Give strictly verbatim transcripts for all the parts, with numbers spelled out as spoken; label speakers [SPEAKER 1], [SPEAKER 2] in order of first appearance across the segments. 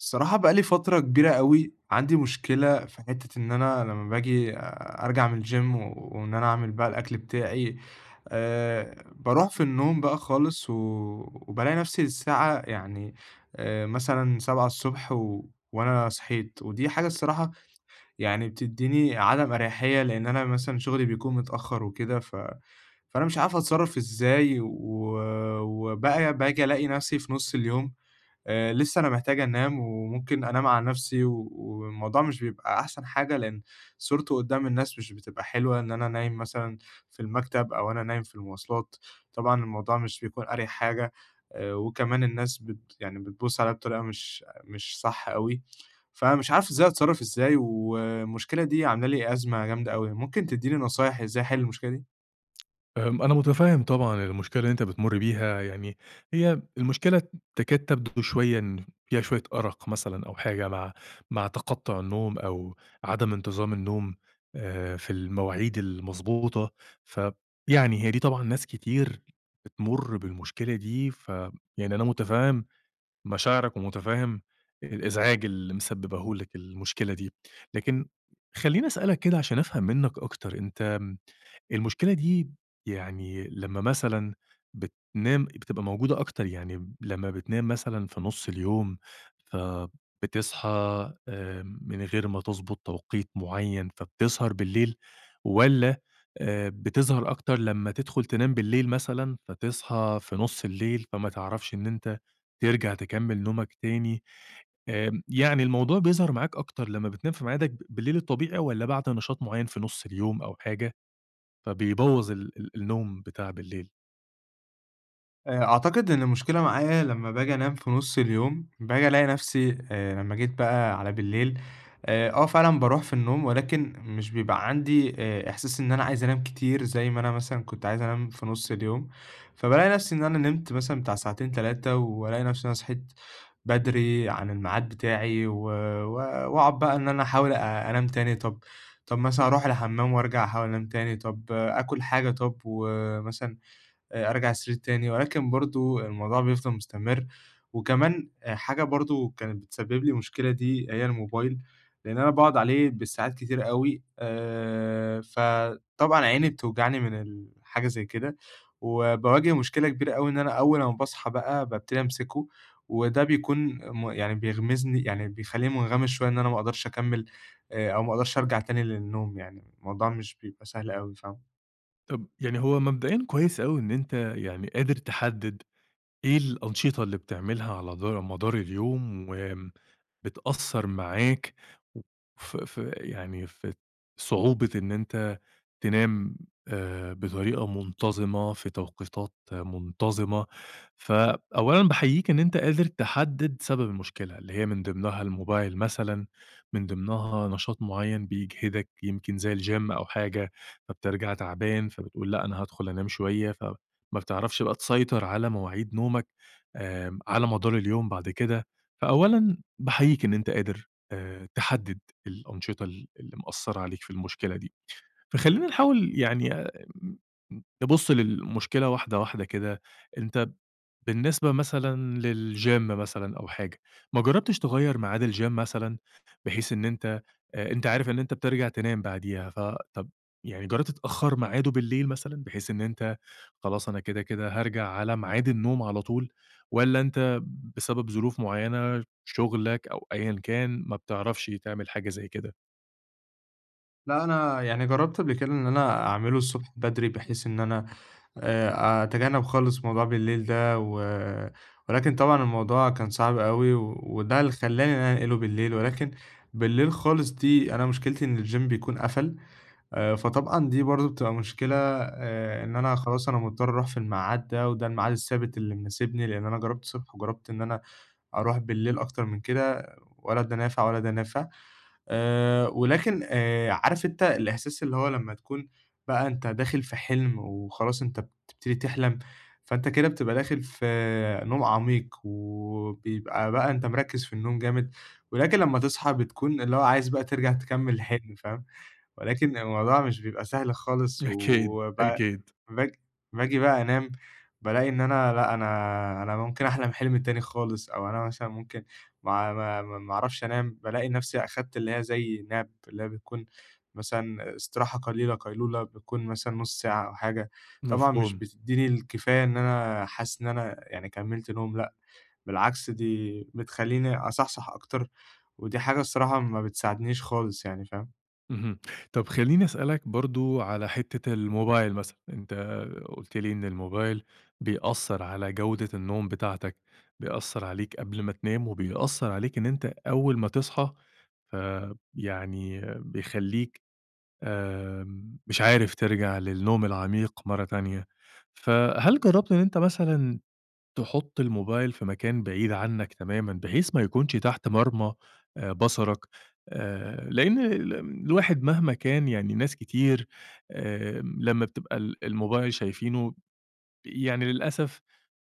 [SPEAKER 1] الصراحة بقى لي فترة كبيرة أوي عندي مشكلة في حتّة إن أنا لمّا باجي أ أرجع من الgym وإن أنا أعمل بقى الأكل بتاعي، آآ باروح في النوم بقى خالص وبالاقي نفسي الساعة يعني آآ مثلًا سبعة الصبح و وأنا صحيت، ودي حاجة الصراحة يعني بتدّيني عدم أريحيّة لإن أنا مثلًا شغلي بيكون متأخر وكده، ف فأنا مش عارفة أتصرّف إزاي؟ و وبقى باجي ألاقي نفسي في نُص اليوم، آآ لسّه أنا محتاج أنام وممكن أنام على نفسي و والموضوع مش بيبقى أحسن حاجة، لإن صورته قدام الناس مش بتبقى حلوة، إن أنا نايم مثلًا في المكتب أو أنا نايم في المواصلات. طبعًا الموضوع مش بيكون أريح حاجة، آآ، وكمان الناس بت يعني بتبُص عليّا بطريقة مش مش صح أوي. فمش عارف إزاي، أتصرّف إزاي؟ والمشكلة دي عاملة لي أزمة جامدة أوي، ممكن تدّيني نصايح إزاي أحل المشكلة دي؟
[SPEAKER 2] آمم، أنا مُتفهّم طبعًا المشكلة اللي أنت بتمُر بيها. يعني هي المشكلة تكاد تبدو شوية إن فيها شوية أرَق مثلًا أو حاجة مع مع تَقطُّع النوم أو عدم انتظام النوم آآ في المواعيد المضبوطة، ف يعني هي دي طبعًا ناس كتير بتمُر بالمشكلة دي، ف يعني أنا مُتفهّم مشاعرك ومُتفهّم الإزعاج اللي مسبّباه لك المشكلة دي. لكن خلّيني أسألك كده عشان أفهم منّك أكتر، أنت آمم، المشكلة دي يعني لمّا مثلًا بتنام، بتبقى موجودة أكتر؟ يعني لمّا بتنام مثلًا في نُص اليوم فبتصحى آآ من غير ما تضبُط توقيت معيّن، فبتسهر بالليل، والّا آآ بتظهر أكتر لمّا تدخُل تنام بالليل مثلًا فتصحى في نُص الليل، فما تعرفش إن أنت ترجع تكمّل نومك تاني؟ آمم، يعني الموضوع بيظهر معاك أكتر لمّا بتنام في معادك ب بالليل الطبيعي والّا بعد نشاط معيّن في نُص اليوم أو حاجة فبيبوّظ ال ال النوم بتاع بالليل؟
[SPEAKER 1] آآ، أعتقد إن المشكلة معايا لما باجي أنام في نُصّ اليوم، باجي ألاقي نفسي آآ، لمَّا جيت بقى على بالليل، آآ، آه فعلًا باروح في النوم ولكن مش بيبقى عندي آآ، إحساس إن أنا عايز أنام كتير زي ما أنا مثلًا كنت عايز أنام في نُصّ اليوم، فبالاقي نفسي إن أنا نِمت مثلًا بتاع ساعتين، تلاتة والاقي نفسي إن أنا صحيت بدري عن الميعاد بتاعي، و و واقعد بقى إن أنا احاول أ أنام تاني، طب طب مثلًا أروح الحمّام وارجع أحاول أنام تاني، طب آكل حاجة طب ومثلًا آآ، أرجع السرير تاني، ولكن برضه الموضوع بيفضل مستمرّ. وكمان آآ، حاجة برضه كانت بتسبب لي مشكلة دي، هي الموبايل لإن أنا باقعد عليه بالساعات كتير أوي، آآ، فطبعًا عيني بتوجعني من ال حاجة زي كده، وباواجه مشكلة كبيرة أوي إن أنا أول امَّا باصحى بقى بابتدي امسكه، وده بيكون م يعني بيغمِسني يعني بيخليني مُنغمِس شوية إن أنا ما اقدرش أكمِّل أ أو ما اقدرش ارجع تاني للنوم يعني، الموضوع مش بيبقى سهل أوي فاهم؟
[SPEAKER 2] طب يعني هو مبدئيًا كويس أوي إن أنت يعني قادر تحدِّد إيه الأنشطة اللي بتعملها على دا مدار اليوم، وآمم بتأثَّر معاك و في في يعني في ات صعوبة إن أنت تنام، آآ، بطريقة منتظِمة، في توقيتات منتظِمة. ف أولًا باحييك إن أنت قادر تحدِّد سبب المشكلة، اللي هي من ضِمنها الموبايل مثلًا، من ضِمنها نشاط معيّن بيجهدك، يمكن زي الGym أو حاجة، فبترجع تعبان، فبتقول لأ أنا هادخل أنام شوية ف ما بتعرفش بقى تسيطر على مواعيد نومك آمم، على مدار اليوم بعد كده، فأولًا باحييك إن أنت قادر آآ، تحدِّد الأنشطة ال اللي مأثَّرة عليك في المشكلة دي. فخلينا نحاول يعني أ ام نبُصّ للمشكلة واحدة واحدة كده، أنت بالنسبة مثلًا للGym مثلًا أو حاجة، ما جرَّبتش تغيّر ميعاد الGym مثلًا، بحيث إن أنت أ أنت عارف إن أنت بترجع تنام بعديها، ف طب يعني جرَّبت تأخَّر ميعاده بالليل، مثلًا بحيث إن أنت خلاص، أنا كده، كده هارجع على ميعاد النوم على طول، والَّا أنت بسبب ظروف معيّنة، شغلك أو أيًا كان، ما بتعرفش تعمل حاجة زي كده؟
[SPEAKER 1] لا، أنا يعني جرَّبت قبل كده إن أنا أعملُه الصبح بدري بحيث إن أنا آآ، أتجنَّب خالص موضوع بالليل ده، و ولكن طبعًا الموضوع كان صعب أوي، وده اللي خلَّاني إن أنا أنقلُه بالليل، ولكن بالليل خالص دي أنا مشكلتي إن الGym بيكون قَفَل، آآ، فطبعًا دي برضه بتبقى مشكلة آآ، إن أنا خلاص أنا مضطّر أروح في الميعاد ده وده الميعاد الثابت اللي مناسبني، لأن أنا جرَّبت الصبح وجرَّبت إن أنا أروح بالليل أكتر من كده، ولا ده نافع ولا ده نافع آآ، ولكن آآ، عارف أنت الإحساس اللي هو لمَّا تكون بقى أنت داخل في حلم وخلاص أنت بتبتدي تحلم، فأنت كده بتبقى داخل في نوم عميق، وبيبقى بقى أنت مركِّز في النوم جامد، ولكن لمَّا تصحى بتكون اللي هو عايز بقى ترجع تكمِّل الحلم، فاهم، ولكن الموضوع مش بيبقى سهل خالص.
[SPEAKER 2] أكيد،
[SPEAKER 1] و ب
[SPEAKER 2] أكيد.
[SPEAKER 1] باج باجي بقى أنام، بالاقي إن أنا لا أنا أنا ممكن أحلم حلم تاني خالص أو أنا مثلًا ممكن ما ما ما ما أعرفش أنام، بالاقي نفسي أخدت اللي هي زي nap اللي هي بتكون مثلًا استراحة قليلة، قيلولة، بتكون مثلًا نُصّ ساعة أو حاجة، طبعًا مش
[SPEAKER 2] مفهوم.
[SPEAKER 1] بتديني الكفاية إن أنا حاسس إن أنا يعني كمِّلت نوم، لأ بالعكس دي بتخليني أصحصح أكتر، ودي حاجة الصراحة ما بتساعدنيش خالص يعني، فاهم؟
[SPEAKER 2] اهم، طب خلّيني أسألك برضه على حتة الموبايل مثلًا، أنت قُلت لي إن الموبايل بيأثر على جودة النوم بتاعتك، بيأثر عليك قبل ما تنام، وبيأثر عليك إن أنت أول ما تصحى، آآ يعني بيخليك آمم مش عارف ترجَع للنوم العميق مرة تانية، فهل جرّبت إن أنت مثلًا تحط الموبايل في مكان بعيد عنك تمامًا، بحيث ما يكونش تحت مرمى بصرك؟ آآ، لإن ال الواحد مهما كان يعني ناس كتير آآ لما بتبقى ال الموبايل شايفينه يعني للأسف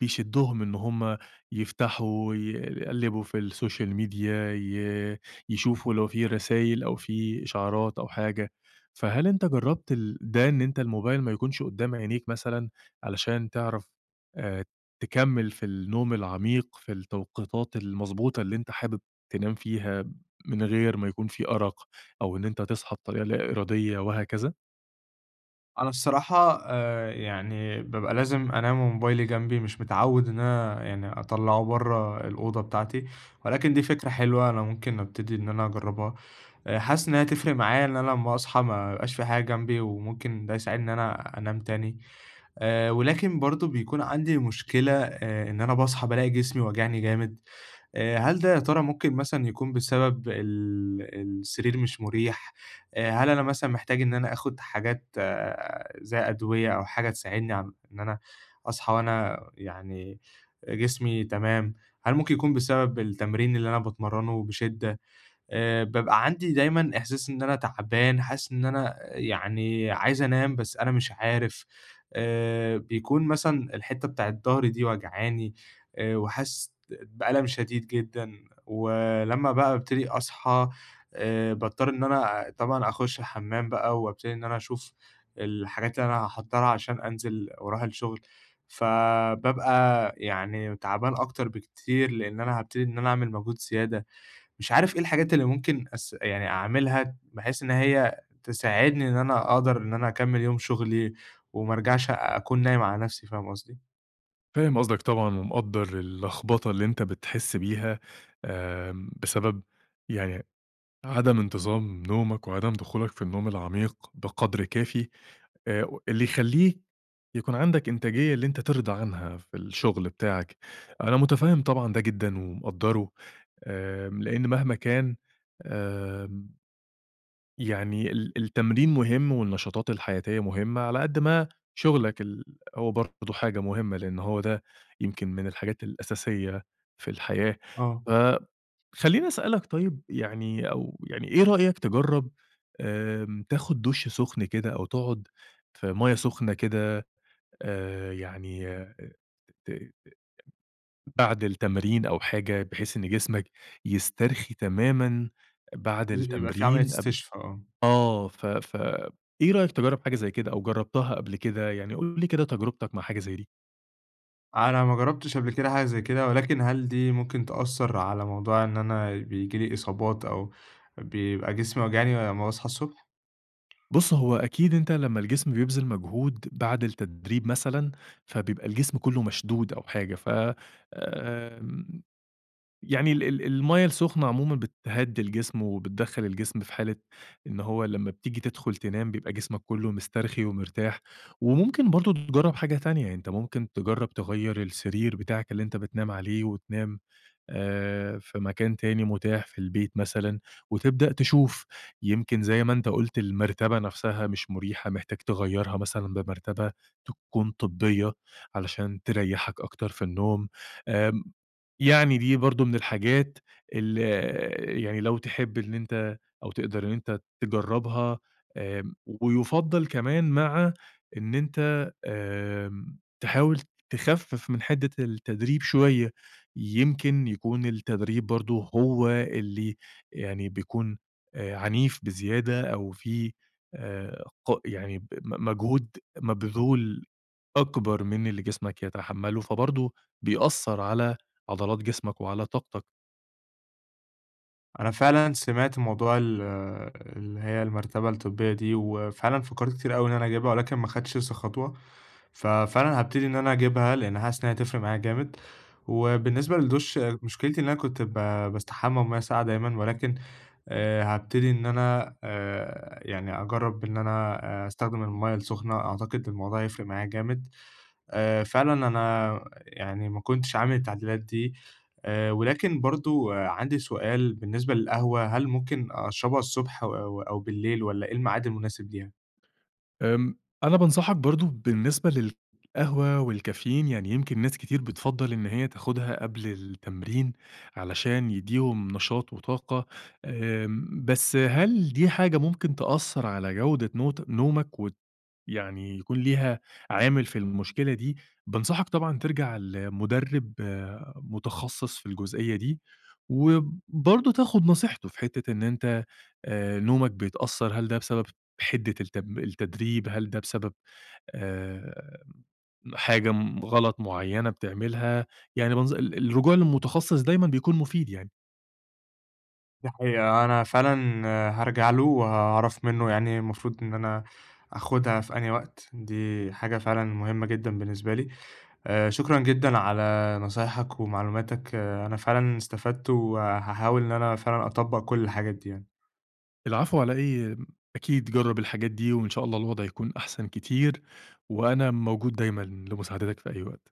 [SPEAKER 2] بيشدهم إن هُم يفتحوا، ي يقلّبوا في السوشيال ميديا، ي يشوفوا لو في رسايل أو في إشعارات أو حاجة. فهل أنت جربت ال ده، إن أنت الموبايل ما يكونش قدّام عينيك مثلًا؟ علشان تعرَف آآ، تكمّل في النوم العميق، في التوقيتات المضبوطة اللي أنت حابب تنام فيها، من غير ما يكون في أرق، أو إن أنت تصحى بطريقة لا إرادية وهكذا؟
[SPEAKER 1] أنا الصراحة آآ، يعني بابقى لازم أنام وموبايلي جنبي، مش متعوِّد إن أنا يعني أطلَّعه برّه الأوضة بتاعتي، ولكن دي فكرة حلوة أنا ممكن ابتدي إن أنا أجرَّبها آآ حاسس إن هي هتفرق معايا إن أنا لمَّا أصحى ما يبقاش في حاجة جنبي، وممكن ده يساعدني إن أنا أنام تاني، آآ، ولكن برضه بيكون عندي مشكلة آآ إن أنا باصحى بالاقي جسمي واجعني جامد، آآ، هل ده يا ترى ممكن مثلًا يكون بسبب ال السرير مش مريح، آآ، هل أنا مثلًا محتاج إن أنا آخد حاجات زي أدوية أو حاجة تساعدني إن أنا أصحى وأنا يعني جسمي تمام، هل ممكن يكون بسبب التمرين اللي أنا باتمرّنُه بشِدّة؟ آآ، بابقى عندي دايمًا إحساس إن أنا تعبان، حاسس إن أنا يعني عايز أنام، بس أنا مش عارف آآ، بيكون مثلًا الحتَّة بتاعة ضهري دي واجعاني، آآ وحاسِس بألم شديد جدًا، ولما بقى ابتدي أصحى آآ، باضطرّ إن أنا طبعًا أخُشّ الحمّام بقى، وابتدي إن أنا أشوف الحاجات اللي أنا هاحضّرها عشان أنزل واروح الشغل، فبابقى يعني تعبان أكتر بكتير لإن أنا هابتدي إن أنا أعمل مجهود زيادة، مش عارف إيه الحاجات اللي ممكن أس يعني أعملها بحيث إن هي تساعدني إن أنا أقدر إن أنا أكمِّل يوم شغلي وما أرجعش أكون نايم على نفسي، فاهم قصدي؟
[SPEAKER 2] فاهم قصدك طبعًا، ومقدَّر اللخبطة اللي أنت بتحِسّ بيها، آمم، بسبب يعني عدم انتظام نومك، وعدم دخولك في النوم العميق بقدر كافي، آآ و اللي يخليك يكون عندك إنتاجية اللي أنت ترضى عنها في الشغل بتاعك، أنا متفهّم طبعًا ده جدًا ومقدّرُه آآ، لأن مهما كان آآ، يعني ال التمرين مُهِم والنشاطات الحياتية مهمّة، على قد ما شُغلك ال هو برضه حاجة مهمّة، لأن هو ده يمكن من الحاجات الأساسية في الحياة،
[SPEAKER 1] آه.
[SPEAKER 2] ف خليني أسألك طيب يعني أو يعني إيه رأيك تجرَّب آمم تاخد دُشّ سُخن كده، أو تقعد في مَيَّة سخنة كده آآ، يعني آآ، ت [unintelligible] بعد التمرين أو حاجة، بحيث إن جسمك يسترخي تمامًا
[SPEAKER 1] [unintelligible]
[SPEAKER 2] بعد
[SPEAKER 1] بيبقى في عملية
[SPEAKER 2] التمرين، قبل
[SPEAKER 1] استشفا، آه.
[SPEAKER 2] آه ف ف إيه رأيك تجرَّب حاجة زي كده، أو جرَّبتها قبل كده؟ يعني قُل لي كده تجربتك مع حاجة زي دي؟
[SPEAKER 1] أنا ما جرّبتش قبل كده حاجة زي كده، ولكن هل دي ممكن تأثَّر على موضوع إن أنا بييجي لي إصابات، أو بيبقى جسمي واجعني لمَّا باصحى الصبح؟
[SPEAKER 2] بُصّ، هو أكيد أنت لما الجسم بيبذِل مجهود بعد التدريب مثلًا، فبيبقى الجسم كلُّه مشدود أو حاجة، ف آآ، يعني ال ال المَيَّة السُخنة عمومًا بتهدّي الجسم، وبتدخَّل الجسم في حالة إن هو لما بتيجي تدخل تنام بيبقى جسمك كلُّه مسترخي ومرتاح، وممكن برضه تجرَّب حاجة تانية، يعني أنت ممكن تجرّب تغيّر السرير بتاعك اللي أنت بتنام عليه، وتنام آآ، في مكان تاني متاح في البيت مثلًا، وتبدأ تشوف يمكن زي ما أنت قُلت المرتبة نفسها مش مريحة، محتاج تغيّرها مثلًا بمرتبة تكون طبية علشان تريّحك أكتر في النوم، آمم، يعني دي برضه من الحاجات اللي آآ، يعني لو تحب إن أنت أو تقدر إن أنت تجرَّبها آآ، ويُفضّل كمان مع إن أنت آمم، تحاول تخفِّف من حدّة التدريب شوية، يمكن يكون التدريب برضه هو اللي يعني بيكون آآ عنيف بزيادة، أو في آآ ق يعني ب م مجهود مبذول أكبر من اللي جسمك يتحمّلُه، فبرضه بيأثَّر على عضلات جسمك وعلى طاقتك.
[SPEAKER 1] أنا فعلًا سمعت موضوع ال اللي هيّ المرتبة الطبية دي، وفعلًا فكّرت كتير أوي إن أنا اجيبها ولكن ما خدتش لسه خطوة، ففعلًا هابتدي إن أنا اجيبها، لإن حاسس إن هي هتفرق معايا جامد، وبالنسبة للدُش مشكلتي إن أنا كنت ب باستحمى بمَيّة ساقعة دايمًا، ولكن آآ هابتدي إن أنا آآ يعني أجرّب إن أنا، آآ أستخدم المَيّة السُخنة، أعتقد الموضوع هيفرق معايا جامد، آآ فعلًا أنا يعني ما كنتش عامل التعديلات دي، آآ ولكن برضه عندي سؤال بالنسبة للقهوة، هل ممكن أشربها الصبح أو أو بالليل والّا إيه الميعاد المناسب ليها؟
[SPEAKER 2] آمم أنا بانصحك برضه، بالنسبة للقهوة والكافيين، يعني يمكن ناس كتير بتفضّل إن هيّ تاخدها قبل التمرين، علشان يديهم نشاط وطاقة، آمم بس هل دي حاجة ممكن تأثّر على جودة نوت نومك وت يعني يكون ليها عامل في المشكلة دي، بانصحك طبعًا ترجع لمدرب متخصّص في الجزئية دي، وبرضه تاخد نصيحته في حتّة إن أنت آآ نومك بيتأثّر، هل ده بسبب حدة التب التدريب، هل ده بسبب آآ حاجة م غلط معينة بتعملها، يعني منظ ال الرجوع للمتخصّص دايمًا بيكون مفيد يعني.
[SPEAKER 1] دي حقيقة، أنا فعلًا هارجع له وهاعرف منه يعني المفروض إن أنا أخدها في أنهي وقت، دي حاجة فعلًا مهمّة جدًا بالنسبة لي، آآ شكرًا جدًا على نصايحك ومعلوماتك، أنا فعلًا استفدت، وهاحاول إن أنا فعلًا أطبّق كل الحاجات دي يعني.
[SPEAKER 2] العفو على إيه، م أكيد جرّب الحاجات دي، وإن شاء الله الوضع يكون أحسن كتير، وأنا موجود دايمًا لمساعدتك في أي وقت.